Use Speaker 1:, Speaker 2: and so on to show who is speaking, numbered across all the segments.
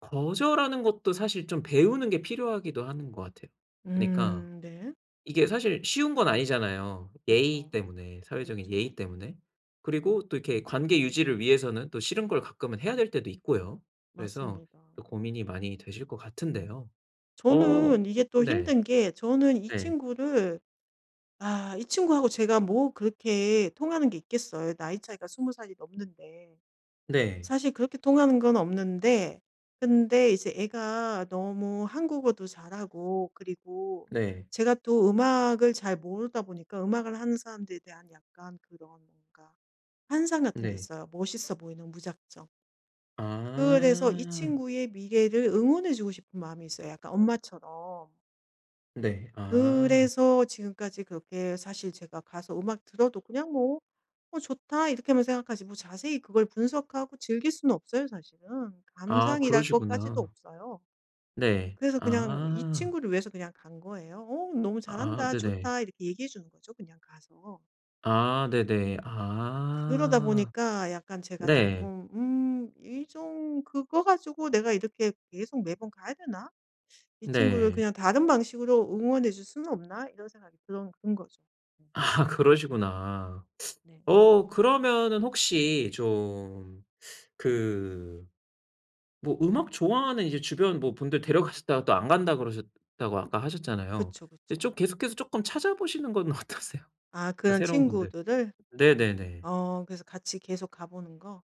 Speaker 1: 거절하는 것도 사실 좀 배우는 게 필요하기도 하는 것 같아요. 그러니까
Speaker 2: 음 네.
Speaker 1: 이게 사실 쉬운 건 아니잖아요. 예의
Speaker 2: 그쵸.
Speaker 1: 때문에 사회적인
Speaker 2: 그쵸.
Speaker 1: 예의 때문에. 그리고 또 이렇게 관계 유지를 위해서는 또 싫은 걸 가끔은 해야 될 때도 있고요. 그래서
Speaker 2: 맞습니다.
Speaker 1: 또 고민이 많이 되실 것 같은데요. 어
Speaker 2: 저는 이게 또
Speaker 1: 네.
Speaker 2: 힘든 게 저는 이
Speaker 1: 네.
Speaker 2: 친구를 아 이 친구하고 제가 뭐 그렇게 통하는 게 있겠어요 나이 차이가 20 살이 넘는데.
Speaker 1: 네.
Speaker 2: 사실 그렇게 통하는 건 없는데 근데 이제 애가 너무 한국어도 잘하고 그리고
Speaker 1: 네.
Speaker 2: 제가 또 음악을 잘 모르다 보니까 음악을 하는 사람들에 대한 약간 그런 뭔가 환상 같은 게
Speaker 1: 네.
Speaker 2: 있어요 멋있어 보이는 무작정. 그래서 이
Speaker 1: 아.
Speaker 2: 친구의 미래를 응원해 주고 싶은 마음이 있어요 약간 엄마처럼.
Speaker 1: 네. 아.
Speaker 2: 그래서 지금까지 그렇게 사실 제가 가서 음악 들어도 그냥 뭐 '어 좋다.' 이렇게만 생각하지 뭐 자세히 그걸 분석하고 즐길 수는 없어. 사실은.
Speaker 1: 아
Speaker 2: 감상이랄 것까지도
Speaker 1: 그러시구나.
Speaker 2: 없어요.
Speaker 1: 네.
Speaker 2: 그래서 그냥 이
Speaker 1: 아.
Speaker 2: 친구를 위해서 그냥 간 거예요. "어 너무
Speaker 1: 아
Speaker 2: 잘한다.
Speaker 1: 네네.
Speaker 2: 좋다." 이렇게 얘기해 주는 거죠 그냥 가서.
Speaker 1: 아 네네.
Speaker 2: 그러다
Speaker 1: 아.
Speaker 2: 보니까 약간 제가
Speaker 1: 네.
Speaker 2: 쪼끔 음 이 좀 '그거 가지고 내가 이렇게 계속 매번 가야 되나? 이 친구를
Speaker 1: 네.
Speaker 2: 그냥 다른 방식으로 응원해 줄 수는 없나?' 이런 생각이 들은 든 거죠. 음.
Speaker 1: 아 그러시구나.
Speaker 2: 네.
Speaker 1: 어 그러면은 혹시 좀 그 뭐 음악 좋아하는 이제 주변 뭐 분들 데려가셨다가 또 안 간다 그러셨다고
Speaker 2: 음
Speaker 1: 아까 하셨잖아요.
Speaker 2: 그쵸,
Speaker 1: 예
Speaker 2: 그쵸.
Speaker 1: 좀 계속해서 쪼끔 찾아보시는 건 어떠세요?
Speaker 2: 아
Speaker 1: 아
Speaker 2: 그런
Speaker 1: 새로운 분들.
Speaker 2: 친구들을?
Speaker 1: 네네네.
Speaker 2: 어 그래서 같이 계속 가 보는 거.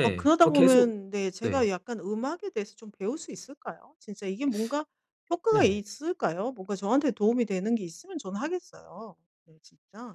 Speaker 2: 어 그러다
Speaker 1: 뭐 계속
Speaker 2: 보면 네 제가
Speaker 1: 네.
Speaker 2: 약간 음악에 대해서 좀 배울 수 있을까요? 진짜 이게 뭔가 효과가
Speaker 1: 네.
Speaker 2: 있을까요? 뭔가 저한테 도움이 되는 게 있으면 저는 하겠어요. 네 진짜.